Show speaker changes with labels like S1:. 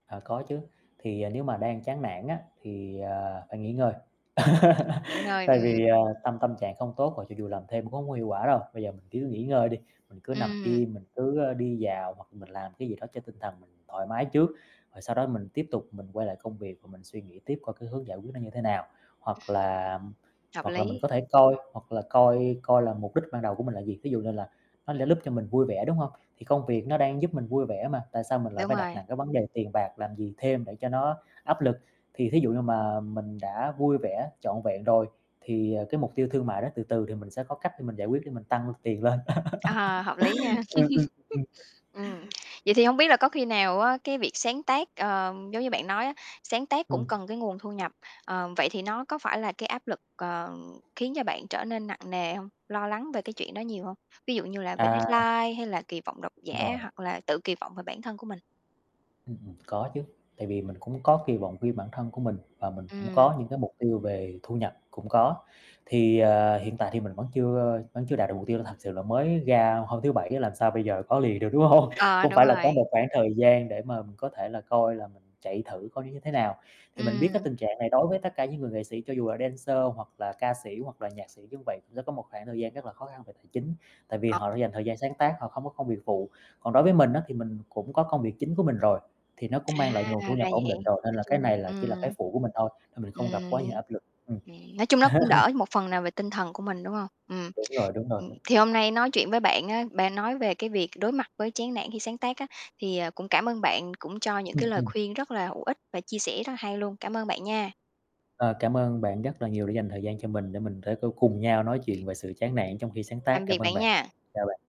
S1: Ờ, có chứ. Thì nếu mà đang chán nản á, thì, ờ, phải nghỉ ngơi.
S2: Ừm, nghỉ ngơi.
S1: Tại
S2: Ừm.
S1: vì, à, tâm tâm trạng không tốt rồi cho dù làm thêm cũng hông có hiệu quả đâu. Bây giờ mình cứ nghỉ ngơi đi, mình cứ nằm
S2: Ừm.
S1: im, mình cứ, a, đi dạo hoặc là mình làm cái gì đó cho tinh thần mình thoải mái trước, rồi sau đó mình tiếp tục mình quay lại công việc và mình suy nghĩ tiếp coi cái hướng giải quyết nó như thế nào.
S2: Ừm.
S1: Hoặc là
S2: Hợp
S1: hoặc là mình
S2: lý.
S1: có thể coi, hoặc là coi coi là mục đích ban đầu của mình là gì? Thí dụ như là nó lẽ lúp cho mình vui vẻ, đúng hông? Thì công việc nó đang giúp mình vui vẻ mà, tại sao mình lại
S2: Đúng
S1: phải đặt
S2: rồi.
S1: nặng cái vấn đề tiền bạc làm gì thêm để cho nó áp lực. Thì thí dụ như mà mình đã vui vẻ trọn vẹn rồi, thì, à, cái mục tiêu thương mại đó từ từ thì mình sẽ có cách để mình giải quyết để mình tăng tiền lên.
S2: Ờ, hợp lý nha!
S1: Ừm, ừm. Ừm.
S2: Ừm. Vậy thì hông biết là có khi nào á, cái việc sáng tác, ờ, giống như bạn nói á, sáng tác
S1: Ừm.
S2: cũng cần cái nguồn thu nhập, ờ, vậy thì nó có phải là cái áp lực, ờ, khiến cho bạn trở nên nặng nề hông? Lo lắng về cái chuyện đó nhiều hông? Ví dụ như là về
S1: À.
S2: deadline, hay là kỳ vọng độc giả,
S1: Rồi.
S2: hoặc là tự kỳ vọng về bản thân của mình.
S1: Ừm hưm. Có chứ. Tại vì mình cũng có kỳ vọng riêng bản thân của mình và mình cũng
S2: Ừm.
S1: có những cái mục tiêu về thu nhập cũng có. Thì, à, hiện tại thì mình vẫn chưa vẫn chưa đạt được mục tiêu là thật sự là đổi mới ra hôm thứ Bảy á, làm sao bây giờ có liền được, đúng hông?
S2: Ờ,
S1: Cũng
S2: đúng
S1: phải là có
S2: rồi.
S1: một khoảng thời gian để mà mình có thể là coi là mình chạy thử coi nó như thế nào. Thì mình biết cái
S2: Ừm.
S1: tình trạng này đối với tất cả những người nghệ sĩ, cho dù là dancer hoặc là ca sĩ hoặc là nhạc sĩ như vậy, sẽ có một khoảng thời gian rất là khó khăn về tài chính, tại vì
S2: [unintelligible]
S1: họ đã dành thời gian sáng tác, họ không có công việc phụ. Còn đối với mình á, thì mình cũng có công việc chính của mình rồi, thì nó cũng mang lại nguồn thu
S2: À! Ra
S1: nhập ổn
S2: vậy.
S1: định rồi, nên
S2: Nói
S1: là cái này
S2: chung
S1: là chỉ là cái
S2: ừm.
S1: phụ của mình thôi, nên mình không gặp quá nhiều
S2: Ừm.
S1: áp lực. Ừm.
S2: [unintelligible] Nói chung nó cũng đỡ một phần nào về tinh thần của mình, đúng hông? Ừm.
S1: Đúng rồi, đúng rồi
S2: Ừm.
S1: đó.
S2: Thì hôm nay nói chuyện với bạn á, bạn nói về cái việc đối mặt với chán nản khi sáng tác á, thì, ờ, cũng cảm ơn bạn cũng cho những
S1: Ừm,
S2: cái lời
S1: ừm.
S2: khuyên rất là hữu ích và chia sẻ rất hay luôn. Cảm ơn bạn nha.
S1: Ờ, cảm ơn bạn rất là nhiều đã dành thời gian cho mình để mình thế có cùng nhau nói chuyện về sự chán nản trong khi sáng tác.
S2: Tạm
S1: Cảm
S2: biệt
S1: ơn
S2: bạn
S1: bạn.
S2: nha.
S1: Chào bạn.